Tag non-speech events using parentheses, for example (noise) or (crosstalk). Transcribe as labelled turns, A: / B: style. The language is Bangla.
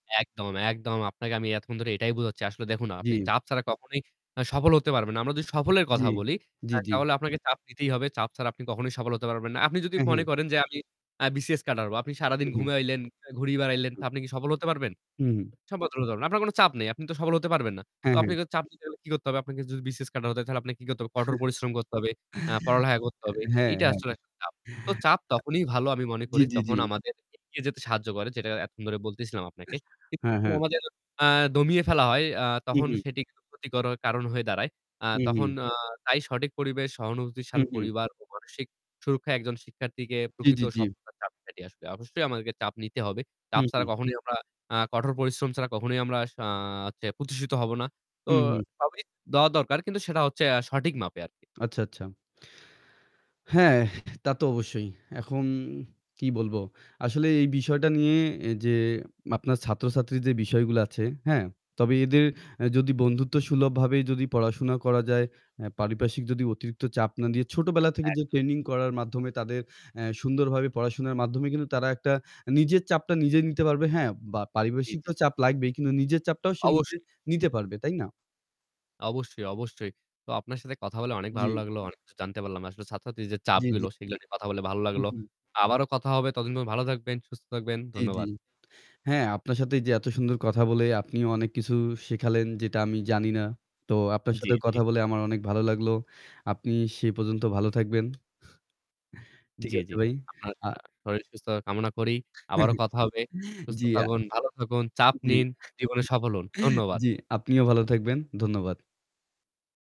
A: একদম, একদম, আপনাকে আমি এতক্ষণ ধরে এটাই বুঝাচ্ছি। আসলে দেখুন আপনি
B: জ্বি।
A: চাপ ছাড়া কখনোই আ সফল হতে পারবেন না। আমরা যদি সফলের কথা
B: জ্বি,
A: বলি, আ
B: জ্বি, জ্বি।
A: তাহলে আপনাকে চাপ দিতেই হবে। চাপ ছাড়া আপনি কখনোই সফল হতে পারবেন না। আপনি যদি
B: হ্যা, হ্যা।
A: মনে করেন যে আমি আ BCS ক্যাডার হবো। আপনি সারাদিন
B: হু, হু।
A: ঘুমাইলেন, ঘুরে বেড়াইলেন তো
B: একদম।
A: আপনি কি সফল হতে পারবেন?
B: হুম।
A: (unintelligible) আপনার কোনো চাপ নেই, আপনি তো সফল হতে পারবেন না। তো
B: হ্যাঁ, হ্যাঁ।
A: আপনি তো চাপ নিতে গেলে কি করতে হবে আপনাকে যদি BCS ক্যাডার হতে হয়? তাহলে আপনাকে কি করতে হবে? কঠোর পরিশ্রম করতে হবে,
B: (chuckles)
A: অ্যা পড়ালেখা করতে হবে,
B: হ্যাঁ,
A: এইটা
B: হ্যাঁ।
A: আসলে একটা চাপ। তো
B: অ্যা
A: চাপ তখনই ভালো আমি মনে
B: জ্বি,
A: করি
B: জ্বি,
A: যখন
B: জ্বি।
A: আমাদের এগিয়ে যেতে সাহায্য করে যেটা এতক্ষণ ধরে বলতেছিলাম আপনাকে। কিন্তু
B: হ্যাঁ,
A: তখন
B: হ্যাঁ।
A: আমাদের আ দমিয়ে ফেলা হয় আ
B: হু,
A: তখন
B: হু।
A: সেটি কারো ক্ষতি করার কারণ হয়ে দাঁড়ায়। আ
B: হু,
A: তখন
B: হু।
A: আ তাই সঠিক পরিবেশ
B: হু,
A: সহানুভূতিশীল
B: হু।
A: পরিবার ও মানসিক সুরক্ষায় একজন শিক্ষার্থীকে
B: জ্বী,
A: প্রকৃত
B: জ্বী, জ্বী।
A: সফলতার চাপ কাটিয়ে আসবে। অবশ্যই আমাদেরকে চাপ নিতে হবে।
B: হু,
A: চাপ ছাড়া
B: হু।
A: কখনোই আমরা আ কঠোর পরিশ্রম ছাড়া কখনোই আমরা সা চে প্রতিষ্ঠিত হব না। তো
B: হু, হু।
A: সবই দেওয়া দরকার। কিন্তু সেটা হচ্ছে আ সঠিক মাপে আরকি।
B: আচ্ছা, আচ্ছা। হ্যাঁ, তা তো অবশ্যই। এখন কি বলবো? আসলে এই বিষয়টা নিয়ে এ যে আপনার ছাত্রছাত্রীর বিষয়গুলো আছে, হ্যাঁ? তবে এদের
A: জি।
B: এ যদি বন্ধুত্বসুলভভাবেই যদি পড়াশোনা করা যায়, অ্যা পারিপার্শ্বিক যদি অতিরিক্ত চাপ না দিয়ে, ছোটবেলা থেকে যে
A: একদম।
B: ট্রেনিং করার মাধ্যমে তাদের অ্যা সুন্দরভাবে পড়াশোনার মাধ্যমে কিন্তু তারা একটা নিজের চাপটা নিজেই নিতে পারবে, হ্যাঁ? বা
A: জ্বী, জ্বী,
B: পারিপার্শ্বিক
A: জি।
B: তো চাপ লাগবেই। কিন্তু নিজের চাপটাও সে নিজে
A: অবশ্যই।
B: নিতে পারবে, তাই না?
A: অবশ্যই, অবশ্যই। তো আপনার সাথে কথা বলে অনেক ভালো
B: জ্বি।
A: লাগলো। অনেক কিছু জানতে পারলাম না। আসলে ছাত্রছাত্রী যে
B: জ্বী,
A: চাপগুলো,
B: জ্বী।
A: সেগুলা নিয়ে কথা বলে ভালো
B: হু,
A: লাগলো।
B: হু।
A: আবারো কথা হবে ততদিন ধ ভালো থাকবেন, সুস্থ থাকবেন।
B: জ্বি, জ্বি।
A: ধন্যবাদ।
B: হ্যাঁ, আপনার সাথে এই যে এত সুন্দর কথা বলে আপনিও অনেক কিছু শেখালেন যেটা আমি জানি না। তো আপনার
A: জ্বী,
B: সাথে
A: জ্বী।
B: কথা বলে আমার অনেক ভালো লাগলো। আপনি সেই পর্যন্ত ভালো থাকবেন। ঠিক
A: জ্বী,
B: আছে
A: জ্বী।
B: ভাই।
A: আপনার
B: আ
A: আ শরীর সুস্থতা কামনা করি। আবারো
B: (chuckles)
A: কথা হবে। সুস্থ
B: জ্বি, আ
A: থাকুন, ভালো থাকুন, চাপ
B: জ্বী।
A: নিন, জীবনে সফল হোন।
B: (chuckles)
A: ধন্যবাদ।
B: জ্বি, আপনিও ভালো থাকবেন। ধন্যবাদ।